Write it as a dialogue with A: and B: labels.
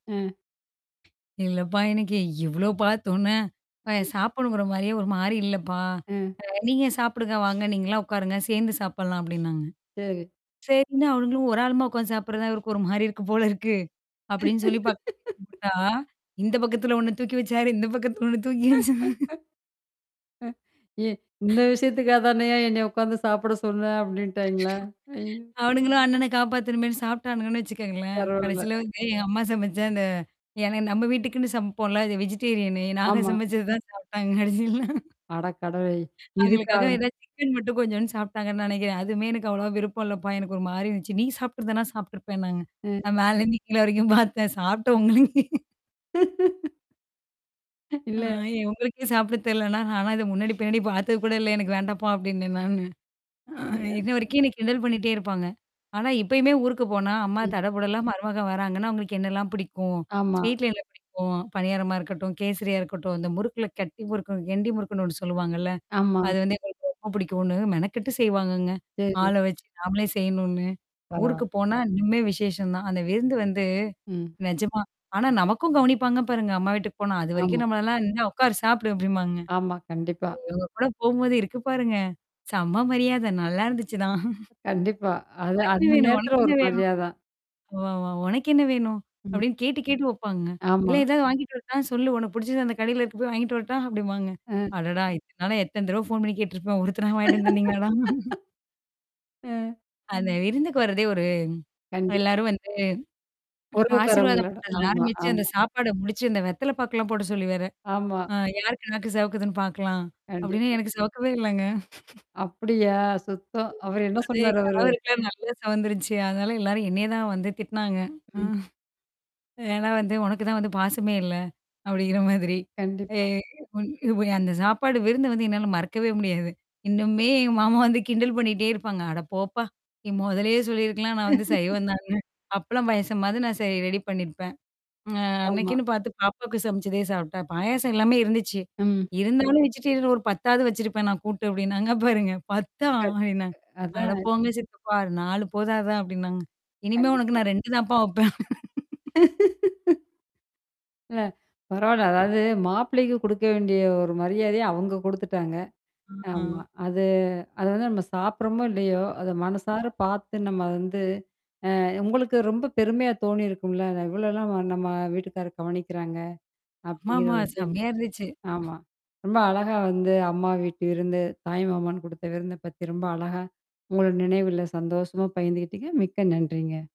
A: அ.
B: "இல்லப்பா! எனக்கு இவ்ளோ பார்த்தோனே, அப்பா!
A: ம்.
B: சாப்பிடணுங்கிறமாரியே ஒருமாரி இல்லப்பா!
A: அ.
B: அ நீங்க சாப்புடுங்க. வாங்க. நீங்கலாம் உட்காருங்க. சேர்ந்து சாப்பிட்லாம்" அப்பிடின்னாங்க.
A: சரி.
B: சரின்னு அவுங்களும் ஒரு ஆளுமா உட்கார்ந்து சாப்பிடுறதான் இருக்கு ஒருமாரி இருக்கும் போல இருக்கு. அப்பிடின்னு சொல்லி பார்த்துகிட்டா! இந்த பக்கத்துல ஒண்ணு தூக்கி வச்சாரு இந்த பக்கத்துல ஒண்ணு தூக்கி வச்சா
A: ஏ இந்த விஷயத்துக்காகதானயா என்ன உட்கார்ந்து சாப்பிட சொன்னே அப்பிடின்ட்டாங்களா! ஐய்யோ!
B: அவனுங்களும் அண்ணன காப்பாத்தணுமேன்னு சாப்ட்டானுன்னு வச்சுக்கோங்களேன்.
A: பரவால்ல.
B: கடைசில வந்து எங்க அம்மா சமைச்சா அந்த ஏன்னா நம்ம வீட்டுக்குன்னு சமைப்போம்ல, அது வெஜிடேரியனு நாங்க
A: ஆமா.
B: சமைச்சது தான் சாப்பி்டாங்க கடைசில.
A: அட கடவுளே இதுக்கா?
B: அவுங்களுக்காக ஏதா சிக்கன் மட்டும் கொஞ்சோன்னு சாப்பட்டாங்கன்னு நினைக்கிறேன். "அதுவுமே எனக்கு அவ்வளவா விருப்பம் இல்லப்பா! எனக்கு ஒருமாரி இருந்துச்சு. நீ சாப்ட்டுருந்தனா சாப்ட்டுருப்பேனாங்க."
A: ம்.
B: நான் மேலருந்து கீழ வரைக்கும் பார்த்தேன். சாப்ட்ட உங்களுக்கே "ஆ,
A: இல்ல.
B: உங்களுக்கே சாப்பிட தெரியலனா, நானா அத முன்னாடி, பின்னாடி பார்த்தது கூட இல்ல. எனக்கு வேண்டாப்பா!" அப்பிடின்னேன் நானு. அ இன்ன
A: [unintelligible]
B: வரைக்கும் என்ன கிண்டல் பண்ணிட்டே இருப்பாங்க. ஆனா இப்பயுமே ஊருக்கு போனா, அம்மா
A: ம்.
B: தடபுடலா மருமகன் வராங்கன்னா, அவுங்களுக்கு என்னல்லாம் பிடிக்கும்?
A: ஆமா.
B: ஸ்வீட்ல என்ன பிடிக்கும்? பனியாரமா இருக்கட்டும், கேசரியா இருக்கட்டும், அந்த முறுக்குல கட்டி முறுக்கு கெண்டி முறுக்குன்னு ஒண்ணு சொல்லுவாங்கல்ல!
A: ஆமா.
B: அது வந்து எனக்கு ரொம்ப புடிக்குனு மெனக்கட்டு செய்வாங்கங்க.
A: சரி.
B: ஆள வச்சு நாமளே செய்யணுன்னு.
A: பரவால்ல.
B: ஊருக்கு போனா இன்னுமே விசேஷம் தான். அந்த விருந்து வந்து
A: ம்.
B: நிஜமா. ஆனா நமக்கும் கவனிப்பாங்க பாருங்க அம்மா வீட்டுக்கு போனா. அதுவரைக்கும்
A: ஆமா.
B: நம்மளெல்லாம் "என்ன உட்காரு, சாப்புடு!" அப்பிடிம்பாங்க.
A: ஆமா, கண்டிப்பா.
B: அவுங்கக்கூட போம்போது இருக்கு பாருங்க. செம்ம மரியாத, நல்லா இருந்துச்சுதான்.
A: கண்டிப்பா. அது
B: [unintelligible]
A: அந்த
B: வேணும்
A: நேரத்தில
B: [unintelligible]
A: ஒரு
B: வேணும்.
A: மரியாத தான்.
B: ஒ, ஒ உனக்கு என்ன வேணும்?
A: ம்.
B: அப்பிடின்னு கேட்டு கேட்டு வைப்பாங்கங்க. "இல்ல
A: ஆமா.
B: ஏதாவது வாங்கிட்டு வரட்டா! சொல்லு உனக்கு புடிச்சுது அந்த கடையில இருக்கு போய் வாங்கிட்டு வரட்டா!" அப்பிடிம்பாங்க.
A: அ.
B: அடடா! இத்தன நாளு எத்தன தடவ ஃபோன் பண்ணி கேட்டுருப்பேன். ஒருத்தனா வாங்கிட்டு வந்து தந்தீங்களாடா?
A: அ
B: அந்த விருந்துக்கு வர்றதே ஒரு
A: கண்டிப்பா.
B: எல்லாரும் வந்து ஆசிர்வாதம்
A: உறவுக்காரங்களோட.
B: பண்றதுல
A: ஆமா,
B: ஆரம்பிச்சு அந்த
A: ஆமா.
B: சாப்பாட முடிச்சு அந்த வெத்தல பாக்குலாம் போட சொல்லி வேற,
A: ஆமா.
B: "ஆ யாருக்கு நாக்கு செவுக்குதுன்னு பார்க்கலாம்?" அப்பிடின்னு
A: கண்டிப்பா.
B: எனக்கு செவக்கவே இல்லங்க.
A: அப்பிடியா? சுத்தம் அவரு என்ன
B: அது என்
A: சொன்னாரு அவரு?
B: கணவருக்கெல்லாம் நல்லா செவந்துருச்சு. அதனால எல்லாரும் என்னைய தான் வந்து திட்னாங்க.
A: ம்.
B: ஏன்னா வந்து "உனக்கு தான் வந்து பாசமே இல்ல". அப்பிடிங்கிற மாதிரி. அ
A: கண்டிப்பா.
B: இ உன் அந்த சாப்பாடு விருந்த வந்து என்னால மறக்கவே முடியாது. இன்னுமே மாமா வந்து கிண்டல் பண்ணிட்டே இருப்பாங்க. "அடப்போப்பா! நீ மொதலே சொல்லியிருக்கலாம். நான் வந்து சைவம் தான்னு. அப்பளம், பாயசமாவது நான் சே ரெடி பண்ணியிருப்பேன். அ
A: ஆமா.
B: அன்னக்குன்னு பார்த்து பாப்பாவுக்கு சமைச்சதே சாப்ட்டா! பாயாசம் எல்லாமே இருந்துச்சு.
A: ம்.
B: இருந்தாலும் வெஜிடேரியன் ஒரு 10வது வச்சிருப்பேன் நான் கூட்டு" அப்பிடின்னாங்க பாருங்க. 10 தா அப்பிடினேன்.
A: [unintelligible] அதான்.
B: "அடப்போங்க சித்தப்பா! அ 4 போதாதா!" அப்பிடின்னாங்க. "இனிமே உனக்கு
A: கண்டிப்பா.
B: நான் 2 தான்ப்பா வப்பேன்."
A: அ பரவால்ல. அதாவது மாப்பிள்ளைக்கு குடுக்க வேண்டிய ஒரு மரியாதைய அவுங்க குடுத்துட்டாங்க.
B: ம்,
A: ஆமா.
B: ஆ
A: அது அது வந்து நம்ம சாப்புட்றமோ! இல்லயோ! அத மனசார பார்த்து நம்ம வந்து அ உங்களுக்கு ரொம்ப பெருமையா தோணியிருக்கும்ல அத இவ்ளல்லாம் நம்ம வீட்டுக்கார கவனிக்கிறாங்க! அப்பிடிங்கிற
B: ஆமாமா,
A: ஒரு விஷயம்.
B: செம்மையா இருந்துச்சு.
A: ஆமா. ரொம்ப அழகா வந்து அம்மா வீட்டு விருந்து, தாய்மாமன் குடுத்த விருந்த பத்தி ரொம்ப அழகா, உங்களோட நினைவுல சந்தோஷமா பகிர்ந்துக்கிட்டீங்க. மிக்க நன்றிங்க.